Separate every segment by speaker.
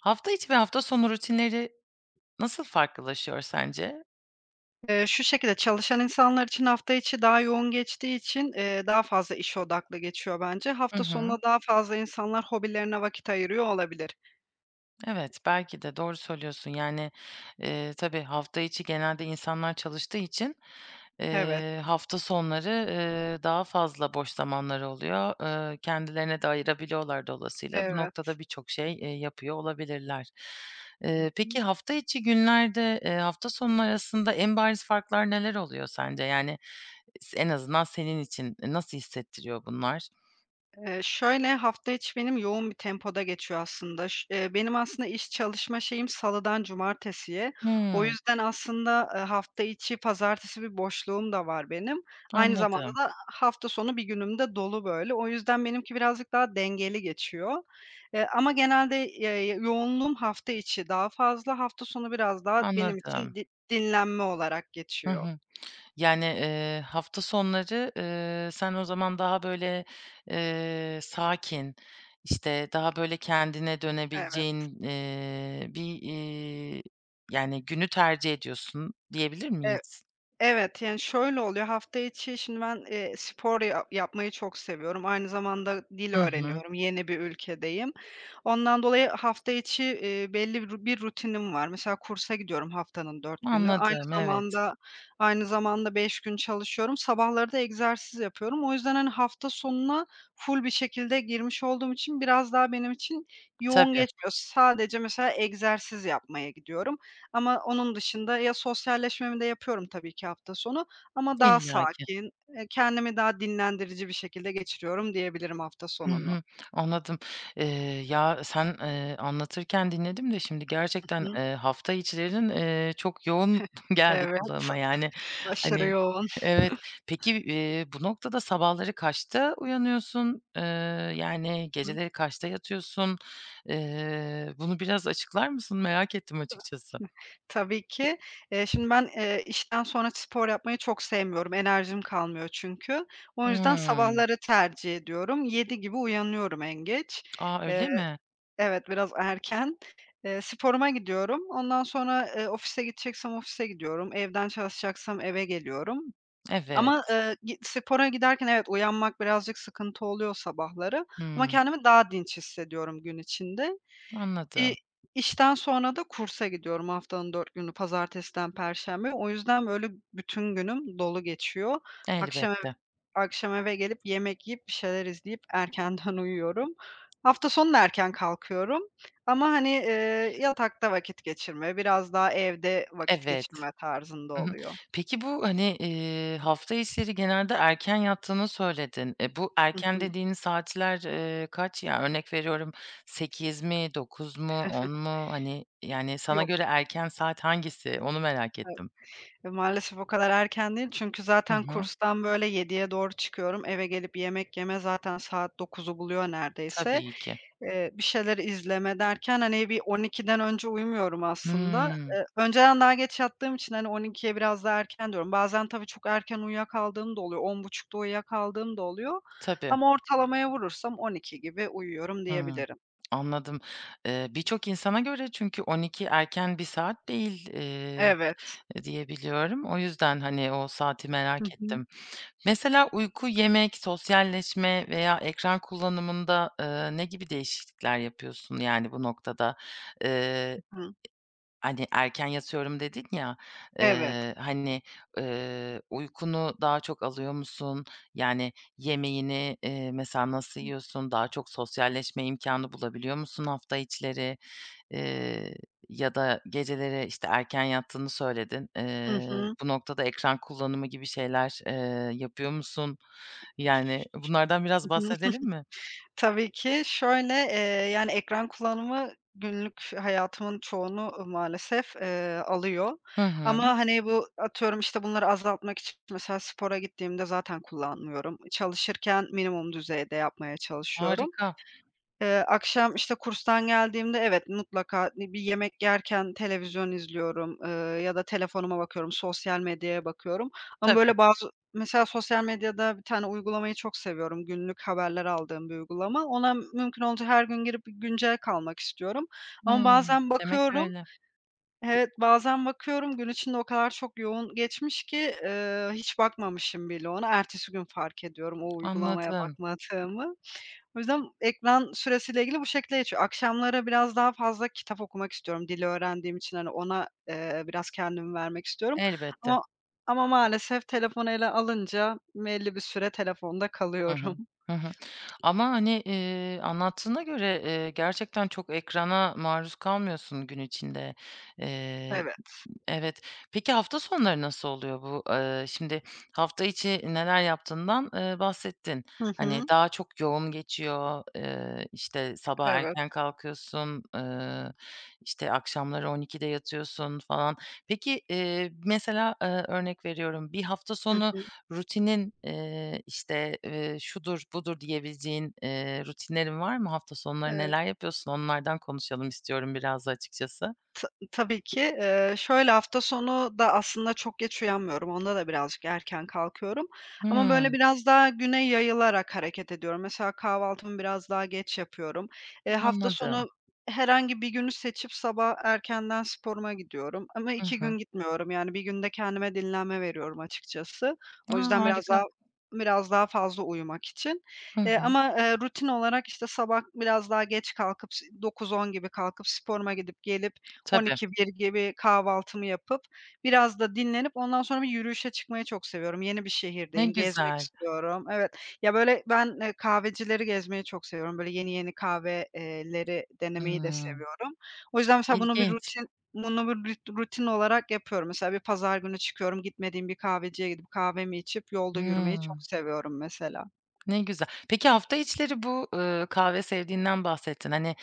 Speaker 1: Hafta içi ve hafta sonu rutinleri nasıl farklılaşıyor sence?
Speaker 2: Eee, şu şekilde, çalışan insanlar için hafta içi daha yoğun geçtiği için, eee, daha fazla iş odaklı geçiyor bence.
Speaker 1: Hı
Speaker 2: Hafta
Speaker 1: hı.
Speaker 2: sonuna daha fazla insanlar hobilerine vakit ayırıyor olabilir.
Speaker 1: Evet. Belki de doğru söylüyorsun. Yani, eee, tabii hafta içi genelde insanlar çalıştığı için,
Speaker 2: Evet.
Speaker 1: eee, hafta sonları, eee, daha fazla boş zamanları oluyor. Eee, kendilerine de ayırabiliyorlar dolayısıyla. Bu
Speaker 2: Evet.
Speaker 1: noktada birçok şey, eee, yapıyor olabilirler.
Speaker 2: Hı
Speaker 1: Eee,
Speaker 2: hı.
Speaker 1: peki, hafta içi günlerde, eee, hafta sonu arasında en bariz farklar neler oluyor sence? Yani, eee, en azından senin için nasıl hissettiriyor bunlar?
Speaker 2: Eee, şöyle hafta içi benim yoğun bir tempoda geçiyor aslında. Ş eee, benim aslında iş çalışma şeyim salıdan cumartesiye. O
Speaker 1: Hımm.
Speaker 2: yüzden, aslında, eee, hafta içi pazartesi bir boşluğum da var benim. Aynı zamanda
Speaker 1: Anladım.
Speaker 2: da ha hafta sonu bir günüm de dolu böyle. O yüzden benimki birazcık daha dengeli geçiyor. Eee, ama genelde, eee, yoğunluğum hafta içi daha fazla, hafta sonu biraz daha benim
Speaker 1: Anladım.
Speaker 2: için di dinlenme olarak
Speaker 1: Hı
Speaker 2: geçiyor.
Speaker 1: hı. Yani, eee, hafta sonları, ııı, sen o zaman daha böyle, eee, sakin, işte, daha böyle kendine
Speaker 2: Evet.
Speaker 1: dönebileceğin, eee, bir, iii, yani, günü tercih ediyorsun diyebilir
Speaker 2: E
Speaker 1: miyiz?
Speaker 2: evet, yani, şöyle oluyor; hafta içi şimdi ben, eee, spor ya yapmayı çok seviyorum, aynı zamanda dil
Speaker 1: Hı hı.
Speaker 2: öğreniyorum, yeni bir ülkedeyim. Ondan dolayı hafta içi, eee, belli bir bir rutinim var. Mesela kursa gidiyorum haftanın 4 günü, aynı
Speaker 1: Anladım, evet.
Speaker 2: zamanda aynı zamanda 5 gün çalışıyorum. Sabahları da egzersiz yapıyorum. O yüzden, hani, hafta sonuna full bir şekilde girmiş olduğum için biraz daha benim için yoğun
Speaker 1: Tabii.
Speaker 2: geçmiyor. Sadece mesela egzersiz yapmaya gidiyorum ama onun dışında ya sosyalleşmemi de yapıyorum tabii ki hafta sonu ama daha
Speaker 1: İllaki.
Speaker 2: sakin, eee, kendimi daha dinlendirici bir şekilde geçiriyorum diyebilirim hafta
Speaker 1: Hı
Speaker 2: sonunu.
Speaker 1: hı. Anladım. Eee, ya, sen eee, anlatırken dinledim de şimdi
Speaker 2: I
Speaker 1: gerçekten,
Speaker 2: hı.
Speaker 1: eee, hafta içlerin, eee, çok yoğun geldi
Speaker 2: Evet.
Speaker 1: kulağıma, yani.
Speaker 2: Aşırı
Speaker 1: Hani,
Speaker 2: yoğun.
Speaker 1: evet. Peki, eee, bu noktada sabahları kaçta uyanıyorsun? Eee, yani,
Speaker 2: Hı.
Speaker 1: geceleri kaçta yatıyorsun? Eee, bunu biraz açıklar mısın? Merak ettim açıkçası.
Speaker 2: Tabii ki. Eee, şimdi ben, eee, işten sonra spor yapmayı çok sevmiyorum, enerjim kalmıyor çünkü. O yüzden
Speaker 1: Hımm.
Speaker 2: sabahları tercih ediyorum, 7 gibi uyanıyorum en geç.
Speaker 1: A,
Speaker 2: Eee,
Speaker 1: öyle mi?
Speaker 2: evet biraz erken. Iıı, sporuma gidiyorum. Ondan sonra, ııı, ofise gideceksem ofise gidiyorum. Evden çalışacaksam eve geliyorum ama,
Speaker 1: Evet.
Speaker 2: ııı, gi spora giderken evet uyanmak birazcık sıkıntı oluyor sabahları ama
Speaker 1: Hımm.
Speaker 2: kendimi daha dinç hissediyorum gün içinde. İ
Speaker 1: Anladım.
Speaker 2: işten sonra da kursa gidiyorum. Haftanın 4 günü pazartesiden perşembeye. O yüzden böyle bütün günüm dolu geçiyor. Akşam eve
Speaker 1: Elbette.
Speaker 2: akşam eve gelip yemek yiyip bir şeyler izleyip erkenden uyuyorum. Hafta sonu da erken kalkıyorum. Ama hani, iii, yatakta vakit geçirme, biraz daha evde vakit
Speaker 1: Evet.
Speaker 2: geçirme tarzında
Speaker 1: Hı hı.
Speaker 2: oluyor.
Speaker 1: Peki, bu, hani, eee, hafta içleri genelde erken yattığını söyledin. E, bu
Speaker 2: Hı
Speaker 1: erken
Speaker 2: hı.
Speaker 1: dediğin saatler, eee, kaç? Yani, örnek veriyorum; 8 mi, 9 mu, 10 mu? Hani, yani, sana
Speaker 2: Yok.
Speaker 1: göre erken saat hangisi? Onu merak ettim.
Speaker 2: Maalesef o kadar erken değil çünkü
Speaker 1: Hı
Speaker 2: zaten
Speaker 1: hı.
Speaker 2: kurstan böyle 7'ye doğru çıkıyorum. Eve gelip yemek yeme zaten saat 9'u buluyor neredeyse.
Speaker 1: Tabii ki.
Speaker 2: Eee, bir şeyler izleme derken, hani, bir 12’den önce uyumuyorum aslında.
Speaker 1: Hımm.
Speaker 2: Iıı, önceden daha geç yattığım için, hani, 12'ye biraz daha erken diyorum. Bazen tabii çok erken uyuyakaldığım da oluyor, 10.30 uyuyakaldığım da oluyor
Speaker 1: Tabii.
Speaker 2: ama ortalamaya vurursam 12 gibi uyuyorum
Speaker 1: Hıı.
Speaker 2: diyebilirim.
Speaker 1: Anladım. Eee, birçok insana göre çünkü 12 erken bir saat değil, eee,
Speaker 2: Evet.
Speaker 1: diye biliyorum. O yüzden, hani, o saati
Speaker 2: Hı
Speaker 1: merak
Speaker 2: hı.
Speaker 1: ettim. Mesela uyku, yemek, sosyalleşme veya ekran kullanımında, eee, ne gibi değişiklikler yapıyorsun, yani, bu noktada? Eee, e
Speaker 2: Hı hı.
Speaker 1: hani, erken yatıyorum dedin ya.
Speaker 2: Evet.
Speaker 1: Eee, hani, eee, uykunu daha çok alıyor musun? Yani, yemeğini, eee, mesela nasıl
Speaker 2: Hıı.
Speaker 1: yiyorsun? Daha çok sosyalleşme imkânı bulabiliyor musun hafta içleri? Eee, ya da geceleri işte erken yattığını söyledin.
Speaker 2: Hı
Speaker 1: Eee,
Speaker 2: hı.
Speaker 1: bu noktada ekran kullanımı gibi şeyler eee, yapıyor musun? Yani, bunlardan biraz bahsedelim mi?
Speaker 2: Tabii ki. Şöyle, eee, yani, ekran kullanımı günlük hayatımın çoğunu maalesef, eee, alıyor
Speaker 1: Hı hı.
Speaker 2: ama hani bu atıyorum, işte, bunları azaltmak için mesela spora gittiğimde zaten kullanmıyorum, çalışırken minimum düzeyde yapmaya çalışıyorum.
Speaker 1: Harika.
Speaker 2: Eee, akşam, işte, kurstan geldiğimde evet mutlaka, iii, bir yemek yerken televizyon izliyorum, ııı, ya da telefonuma bakıyorum. Sosyal medyaya bakıyorum ama
Speaker 1: Tabii.
Speaker 2: böyle bazı mesela sosyal medyada bir tane uygulamayı çok seviyorum, günlük haberler aldığım bir uygulama. Ona mümkün olduğunca her gün girip güncel kalmak istiyorum ama
Speaker 1: Hıı.
Speaker 2: bazen
Speaker 1: Demek
Speaker 2: bakıyorum
Speaker 1: öyle.
Speaker 2: evet bazen bakıyorum gün içinde o kadar çok yoğun geçmiş ki, ııı, hiç bakmamışım bile ona ertesi gün fark ediyorum o uygulamaya
Speaker 1: Anladım.
Speaker 2: bakmadığımı. O yüzden ekran süresiyle ilgili bu şekilde geçiyor. Akşamları biraz daha fazla kitap okumak istiyorum dil öğrendiğim için, hani, ona, eee, biraz kendim vermek istiyorum
Speaker 1: Elbette.
Speaker 2: ama ama maalesef telefonu ele alınca belli bir süre telefonda
Speaker 1: Hı
Speaker 2: kalıyorum.
Speaker 1: hı. Hı hı. Ama, hani, eee, anlattığına göre, eee, gerçekten çok ekrana maruz kalmıyorsun gün içinde. Eee,
Speaker 2: Evet.
Speaker 1: evet, peki, hafta sonları nasıl oluyor bu? Iıı, şimdi hafta içi neler yaptığından, eee, bahsettin.
Speaker 2: Hı
Speaker 1: Hani,
Speaker 2: hı.
Speaker 1: daha çok yoğun geçiyor. Iıı, işte, sabah
Speaker 2: Evet.
Speaker 1: erken kalkıyorsun. Iıı, işte, akşamları 12'de yatıyorsun falan. Peki, eee, mesela, ııı, örnek veriyorum; bir hafta
Speaker 2: Hı
Speaker 1: sonu
Speaker 2: hı.
Speaker 1: rutinin eee, işte, ııı, "Şudur, budur." diyebileceğin, eee, rutinlerin var mı? Hafta sonları
Speaker 2: Eee
Speaker 1: neler yapıyorsun onlardan konuşalım istiyorum biraz da açıkçası.
Speaker 2: Ta tabii ki. Iıı, şöyle hafta sonu da aslında çok geç uyanmıyorum, onda da birazcık erken kalkıyorum. Ama böyle
Speaker 1: Hımm.
Speaker 2: biraz daha güne yayılarak hareket ediyorum. Mesela kahvaltımı biraz daha geç yapıyorum. Eee, hafta
Speaker 1: Anladım.
Speaker 2: sonu herhangi bir günü seçip sabah erkenden sporuma gidiyorum ama
Speaker 1: Hı
Speaker 2: 2
Speaker 1: hı.
Speaker 2: gün gitmiyorum. Yani, 1 gün de kendime dinlenme veriyorum açıkçası.
Speaker 1: A!
Speaker 2: O yüzden biraz daha
Speaker 1: Harika.
Speaker 2: biraz daha fazla uyumak için,
Speaker 1: Hı
Speaker 2: eee,
Speaker 1: hı.
Speaker 2: ama rutin olarak işte sabah biraz daha geç kalkıp ş 9-10 gibi kalkıp sporuma gidip gelip, on
Speaker 1: Tabii.
Speaker 2: iki bir gibi kahvaltımı yapıp biraz da dinlenip ondan sonra yürüyüşe çıkmayı çok seviyorum. Yeni bir
Speaker 1: Ne
Speaker 2: şehirdeyim, gezmek
Speaker 1: güzel.
Speaker 2: istiyorum. Evet, ya böyle ben, eee, kahvecileri gezmeyi çok seviyorum, böyle yeni, yeni kahve eee, leri denemeyi de
Speaker 1: Imm.
Speaker 2: seviyorum. O yüzden mesela bunu bir
Speaker 1: İlginç.
Speaker 2: rutin bunu bir rut rutin olarak yapıyorum. Mesela bir pazar günü çıkıyorum, gitmediğim bir kahveciye gidip kahvemi içip yolda yürümeyi
Speaker 1: Hıı.
Speaker 2: çok seviyorum mesela.
Speaker 1: Ne güzel! Peki, hafta içleri bu, ııı, kahve sevdiğinden bahsettin. Hani,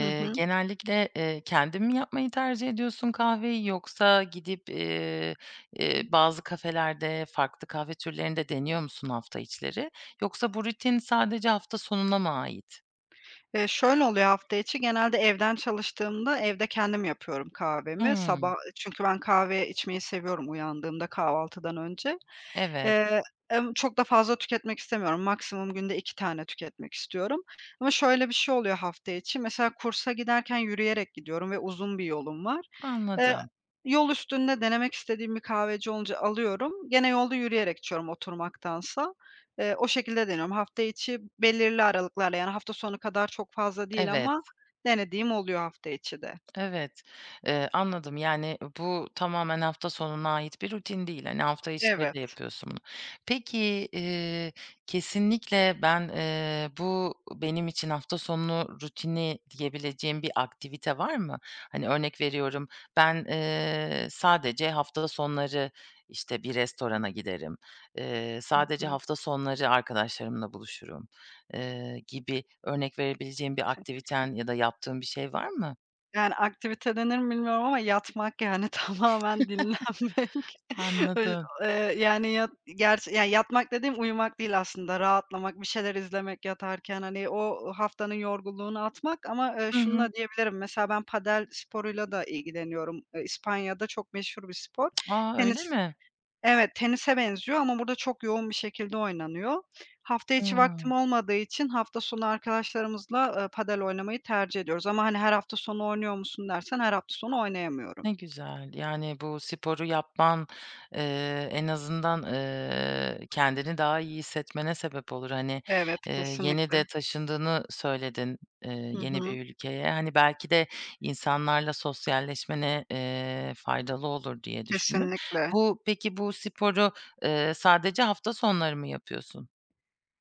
Speaker 2: Hı hı.
Speaker 1: genellikle, eee, kendin mi yapmayı tercih ediyorsun kahveyi, yoksa gidip, eee, eee, bazı kafelerde farklı kahve türlerini de deniyor musun hafta içleri? Yoksa bu rutin sadece hafta sonuna mı ait?
Speaker 2: Eee, şöyle oluyor; hafta içi, genelde evden çalıştığımda evde kendim yapıyorum kahvemi,
Speaker 1: Hımm.
Speaker 2: sabah çünkü ben kahveye içmeyi seviyorum uyandığımda kahvaltıdan önce.
Speaker 1: Evet.
Speaker 2: Eee, emm, çok da fazla tüketmek istemiyorum. Maksimum günde 2 tane tüketmek istiyorum ama şöyle bir şey oluyor hafta içi mesela kursa giderken yürüyerek gidiyorum ve uzun bir yolum var. Eee,
Speaker 1: Anladım.
Speaker 2: yol üstünde denemek istediğim bir kahveci olunca alıyorum. Gene yolda yürüyerek içiyorum oturmaktansa. Eee, o şekilde deniyorum. Hafta içi belirli aralıklarla yani hafta sonu kadar çok fazla değil
Speaker 1: Evet.
Speaker 2: ama denediğim oluyor hafta içi de.
Speaker 1: Evet. Eee, anladım. Yani, bu tamamen hafta sonuna ait bir rutin değil. Hani, hafta içleri de
Speaker 2: Evet.
Speaker 1: yapıyorsun bunu. Peki, eee, kesinlikle ben, eee, bu benim için hafta sonu rutini diyebileceğin bir aktivite var mı? Hani, örnek veriyorum: "Ben, eee, sadece hafta sonları, işte, bir restorana giderim. Eee,
Speaker 2: Hı
Speaker 1: sadece
Speaker 2: hı.
Speaker 1: hafta sonları arkadaşlarımla buluşurum." Eee, gibi örnek verebileceğin bir aktiviten ya da yaptığın bir şey var mı?
Speaker 2: Yani, aktivite denir mi bilmiyorum ama yatmak, yani, tamamen dinlenmek. Ö
Speaker 1: Anladım.
Speaker 2: eee, yani, yat gerçi ya yatmak dediğim uyumak değil aslında rahatlamak, bir şeyler izlemek yatarken hani o haftanın yorgunluğunu atmak ama, eee,
Speaker 1: Hı hı.
Speaker 2: şununla diyebilirim. Mesela ben padel sporuyla da ilgileniyorum. İspanya'da çok meşhur bir spor.
Speaker 1: A! Öyle
Speaker 2: Tenis
Speaker 1: mi?
Speaker 2: evet tenise benziyor ama burada çok yoğun bir şekilde oynanıyor. Hafta içi vaktim
Speaker 1: Hıı.
Speaker 2: olmadığı için hafta sonu arkadaşlarımızla, ııı, padel oynamayı tercih ediyoruz ama hani "Her hafta sonu oynuyor musun?" dersen her hafta sonu oynayamıyorum.
Speaker 1: Ne güzel. Yani, bu sporu yapman, eee, en azından, eee, kendini daha iyi hissetmene sebep olur. Hani,
Speaker 2: Evet.
Speaker 1: eee, yeni
Speaker 2: Kesinlikle.
Speaker 1: de taşındığını söyledin, eee,
Speaker 2: Hı
Speaker 1: yeni
Speaker 2: hı.
Speaker 1: bir ülkeye. Hani, belki de insanlarla sosyalleşmene, eee, faydalı olur diye düşündüm.
Speaker 2: Kesinlikle.
Speaker 1: Bu peki, bu sporu, eee, sadece hafta sonları mı yapıyorsun?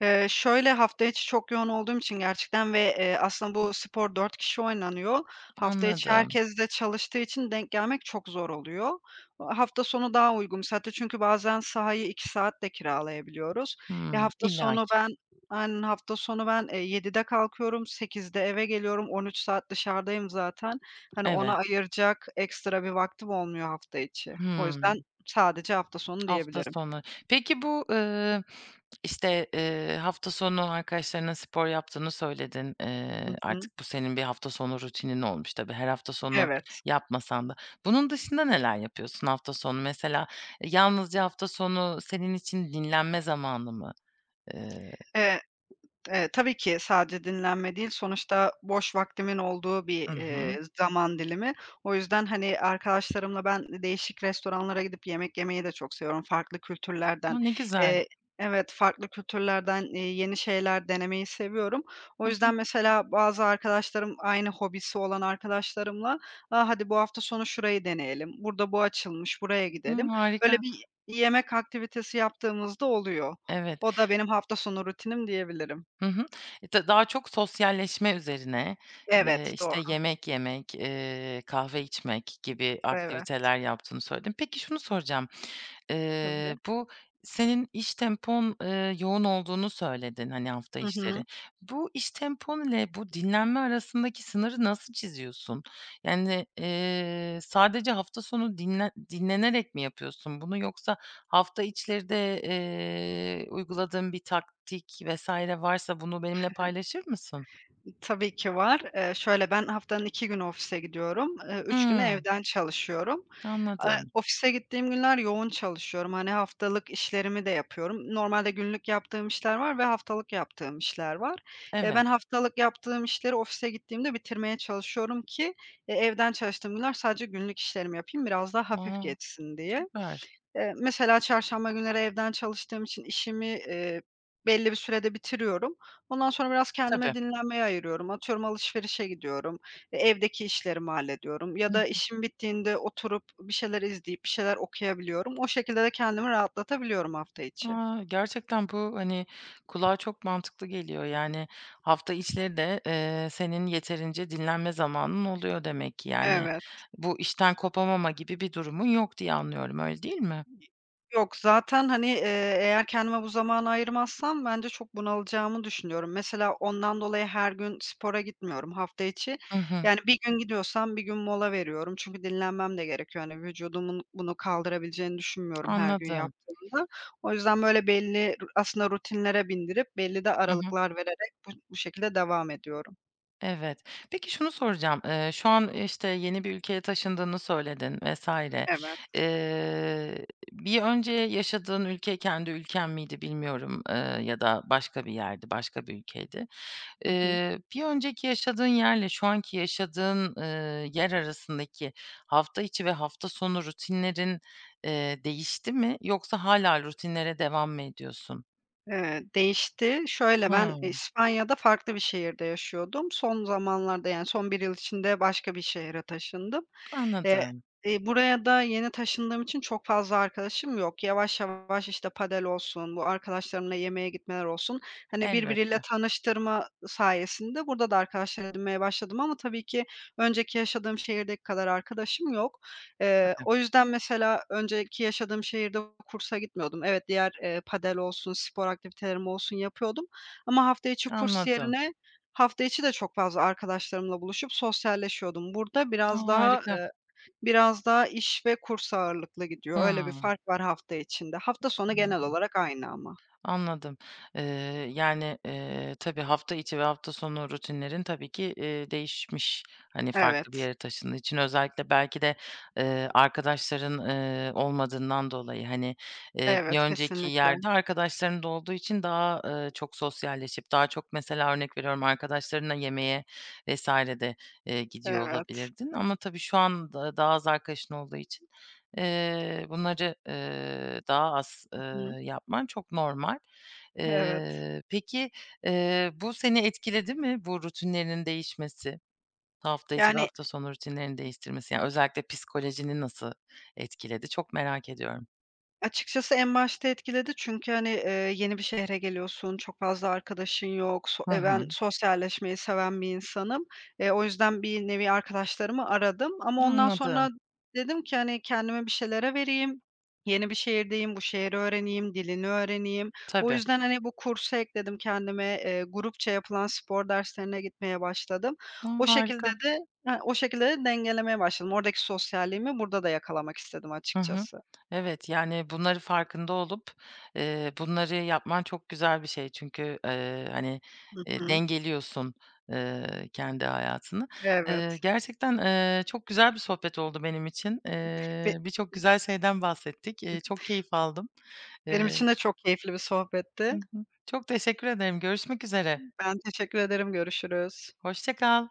Speaker 2: Eee, şöyle: Hafta içi çok yoğun olduğum için gerçekten ve, eee, aslında bu spor 4 kişi oynanıyor. Hafta içi
Speaker 1: Anladım.
Speaker 2: herkes de çalıştığı için denk gelmek çok zor oluyor. A hafta sonu daha uygun bir saatte çünkü bazen sahayı 2 saat de kiralayabiliyoruz. Ya,
Speaker 1: Hımm,
Speaker 2: hafta sonu
Speaker 1: illaki.
Speaker 2: ben Aynen. Hafta sonu ben, eee, 07.00'de kalkıyorum, 20.00'de eve geliyorum, 13 saat dışarıdayım zaten. Hani, ona
Speaker 1: Evet.
Speaker 2: ayıracak ekstra bir vaktim olmuyor hafta içi. O
Speaker 1: Hıı.
Speaker 2: yüzden sadece hafta sonu
Speaker 1: Hafta
Speaker 2: diyebilirim.
Speaker 1: sonu. Peki bu, ııı, işte, eee, hafta sonu arkadaşlarınla spor yaptığını söyledin. Eee,
Speaker 2: Hı hı.
Speaker 1: artık bu senin bir hafta sonu rutinin olmuş tabii, her hafta sonu
Speaker 2: Evet.
Speaker 1: yapmasan da. Bunun dışında neler yapıyorsun hafta sonu? Mesela yalnızca hafta sonu senin için dinlenme zamanı mı? Eee
Speaker 2: Eee, eee, tabii ki sadece dinlenme değil, sonuçta boş vaktimin olduğu bir,
Speaker 1: Hı hı.
Speaker 2: eee, zaman dilimi. O yüzden, hani, arkadaşlarımla ben e değişik restoranlara gidip yemek yemeyi de çok seviyorum farklı kültürlerden,
Speaker 1: A, ne güzel.
Speaker 2: eee Evet, farklı kültürlerden, eee, yeni şeyler denemeyi seviyorum. O
Speaker 1: Hı hı.
Speaker 2: yüzden mesela bazı arkadaşlarım, aynı hobisi olan arkadaşlarımla, "A, hadi bu hafta sonu şurayı deneyelim. Burada bu açılmış, buraya
Speaker 1: Hımm,
Speaker 2: gidelim." Böyle
Speaker 1: harika.
Speaker 2: bir y yemek aktivitesi yaptığımız da oluyor.
Speaker 1: Evet.
Speaker 2: O da benim hafta sonu rutinim diyebilirim.
Speaker 1: Hı hı. E, ta daha çok sosyalleşme üzerine, eee,
Speaker 2: Evet,
Speaker 1: işte,
Speaker 2: doğa.
Speaker 1: yemek yemek, eee, kahve içmek gibi
Speaker 2: Evet.
Speaker 1: aktiviteler yaptığını söyledin. Peki şunu soracağım:
Speaker 2: Tabii.
Speaker 1: Eee, bu senin iş tempon, eee, yoğun olduğunu söyledin, hani, hafta
Speaker 2: Hı
Speaker 1: içleri.
Speaker 2: hı.
Speaker 1: Bu iş tempon ile bu dinlenme arasındaki sınırı nasıl çiziyorsun? Yani, eee, sadece hafta sonu dinlen dinlenerek mi yapıyorsun bunu yoksa hafta içleri de, eee, uyguladığın bir taktik vs. varsa bunu benimle paylaşır mısın?
Speaker 2: Tabii ki var, eee, şöyle: Ben haftanın 2 günü ofise gidiyorum, ııı, 3 günü
Speaker 1: Hımm.
Speaker 2: evden çalışıyorum. Eee,
Speaker 1: Anladım.
Speaker 2: ofise gittiğim günler yoğun çalışıyorum, hani, haftalık işlerimi de yapıyorum. Normalde günlük yaptığım işler var ve haftalık yaptığım işler var. Eee,
Speaker 1: Evet.
Speaker 2: ben haftalık yaptığım işleri ofise gittiğimde bitirmeye çalışıyorum ki, eee, evden çalıştığım günler sadece günlük işlerimi yapayım, biraz daha hafif
Speaker 1: Wow!
Speaker 2: geçsin diye.
Speaker 1: Süper!
Speaker 2: Eee, mesela çarşamba günleri evden çalıştığım için işimi, eee, belli bir sürede bitiriyorum. Ondan sonra biraz kendime
Speaker 1: Tabii.
Speaker 2: dinlenmeye ayırıyorum. Atıyorum, alışverişe gidiyorum, eee, evdeki işlerimi hallediyorum
Speaker 1: Hı
Speaker 2: ya da
Speaker 1: hı.
Speaker 2: işim bittiğinde oturup bir şeyler izleyip bir şeyler okuyabiliyorum. O şekilde de kendimi rahatlatabiliyorum hafta içi.
Speaker 1: A, gerçekten bu, hani, kulağa çok mantıklı geliyor. Yani hafta içleri de, eee, senin yeterince dinlenme zamanın oluyor demek ki, yani.
Speaker 2: Evet.
Speaker 1: Bu işten kopamama gibi bir durumun yok diye anlıyorum, öyle değil mi?
Speaker 2: Yok, zaten, hani, eee, eğer kendime bu zamanı ayırmazsam bence çok bunalacağımı düşünüyorum. Mesela ondan dolayı her gün spora gitmiyorum hafta içi,
Speaker 1: Hı hı.
Speaker 2: yani 1 gün gidiyorsam 1 gün mola veriyorum çünkü dinlenmem de gerekiyor. Hani, vücudumun bunu kaldırabileceğini düşünmüyorum her gün
Speaker 1: Anladım.
Speaker 2: yaptığımda. O yüzden böyle belli aslında rutinlere bindirip belli de
Speaker 1: Hı hı.
Speaker 2: aralıklar vererek bu bu şekilde devam ediyorum.
Speaker 1: Evet. Peki şunu soracağım: Eee, şu an, işte, yeni bir ülkeye taşındığını söyledin vs.
Speaker 2: Evet.
Speaker 1: Eee, bir önce yaşadığın ülke kendi ülken miydi bilmiyorum, eee, ya da başka bir yerdi, başka bir ülkeydi.
Speaker 2: Hı hı.
Speaker 1: Eee, bir önceki yaşadığın yerle şu anki yaşadığın, ııı, yer arasındaki hafta içi ve hafta sonu rutinlerin, eee, değişti mi yoksa hâlâ rutinlere devam mı ediyorsun?
Speaker 2: Eee, değişti; şöyle ben
Speaker 1: Hıı.
Speaker 2: İspanya'da farklı bir şehirde yaşıyordum. Son zamanlarda, yani son bir yıl içinde, başka bir şehre taşındım. Eee,
Speaker 1: Anladım.
Speaker 2: buraya da yeni taşındığım için çok fazla arkadaşım yok. Yavaş yavaş, işte padel olsun, bu arkadaşlarımla yemeğe gitmeler olsun, hani, birbiriyle
Speaker 1: Elbette.
Speaker 2: tanıştırma sayesinde burada da arkadaşlar edinmeye başladım ama tabii ki önceki yaşadığım şehirdeki kadar arkadaşım yok. Eee,
Speaker 1: Tabii.
Speaker 2: o yüzden mesela, önceki yaşadığım şehirde kursa gitmiyordum. Evet, diğer, eee, padel olsun, spor aktivitelerim olsun yapıyordum ama hafta içi kurs
Speaker 1: Anladım.
Speaker 2: yerine, hafta içi de çok fazla arkadaşlarımla buluşup sosyalleşiyordum. Burada
Speaker 1: A!
Speaker 2: biraz daha,
Speaker 1: Harika.
Speaker 2: eee, biraz daha iş ve kurs ağırlıklı gidiyor. Öyle bir
Speaker 1: Hıı.
Speaker 2: fark var hafta içinde. Hafta sonu genel
Speaker 1: Anladım.
Speaker 2: olarak aynı ama.
Speaker 1: Anladım. Eee, yani, eee, tabii hafta içi ve hafta sonu rutinlerin tabii ki, eee, değişmiş. Hani, farklı bir
Speaker 2: Evet.
Speaker 1: yere taşındığın için, özellikle belki de, eee, arkadaşların, ııı, olmadığından dolayı, hani, eee, bir
Speaker 2: Evet,
Speaker 1: önceki
Speaker 2: kesinlikle.
Speaker 1: yerde, arkadaşların da olduğu için daha, ııı, çok sosyalleşip daha çok mesela, örnek veriyorum, arkadaşlarınla yemeğe vs. de, eee, gidiyor
Speaker 2: Evet.
Speaker 1: olabilirdin ama tabii şu anda daha az arkadaşın olduğu için, eee, bunları, eee, daha az, eee,
Speaker 2: I hı.
Speaker 1: yapman çok normal.
Speaker 2: Evet.
Speaker 1: Eee, peki, eee, bu seni etkiledi mi? Bu rutinlerinin değişmesi, hafta içi ve
Speaker 2: Yani
Speaker 1: hafta sonu rutinlerini değiştirmesi? Yani, özellikle psikolojini nasıl etkiledi? Çok merak ediyorum.
Speaker 2: Açıkçası en başta etkiledi. Çünkü, hani, eee, yeni bir şehre geliyorsun, çok fazla arkadaşın yok; so,
Speaker 1: Hı
Speaker 2: eee,
Speaker 1: hı.
Speaker 2: ben sosyalleşmeyi seven bir insanım. Eee, o yüzden bir nevi arkadaşlarımı aradım ama ondan
Speaker 1: Anladım.
Speaker 2: sonra dedim ki, hani, kendimi bir şeylere vereyim, yeni bir şehirdeyim, bu şehri öğreneyim, dilini öğreneyim. O
Speaker 1: Tabii.
Speaker 2: yüzden, hani, bu kursu ekledim kendime, eee, grupça yapılan spor derslerine gitmeye başladım.
Speaker 1: A!
Speaker 2: O şekilde
Speaker 1: Harika.
Speaker 2: de ha, o şekilde de, dengelemeye başladım. Oradaki sosyalliğimi burada da yakalamak istedim
Speaker 1: Hı hı.
Speaker 2: açıkçası.
Speaker 1: Evet, yani, bunları farkında olup, eee, bunları yapman çok güzel bir şey. Çünkü, eee, hani,
Speaker 2: Hı
Speaker 1: eee,
Speaker 2: hı.
Speaker 1: dengeliyorsun, eee, kendi hayatını. Eee,
Speaker 2: Evet.
Speaker 1: gerçekten, eee, çok güzel bir sohbet oldu benim için.
Speaker 2: ve
Speaker 1: Eee, birçok güzel şeyden bahsettik, eee, çok keyif aldım.
Speaker 2: [unintelligible] Benim
Speaker 1: Eee
Speaker 2: için de çok keyifli bir
Speaker 1: Hı
Speaker 2: sohbetti.
Speaker 1: hı. Çok teşekkür ederim, görüşmek üzere.
Speaker 2: Ben teşekkür ederim, görüşürüz.
Speaker 1: Hoşça kal.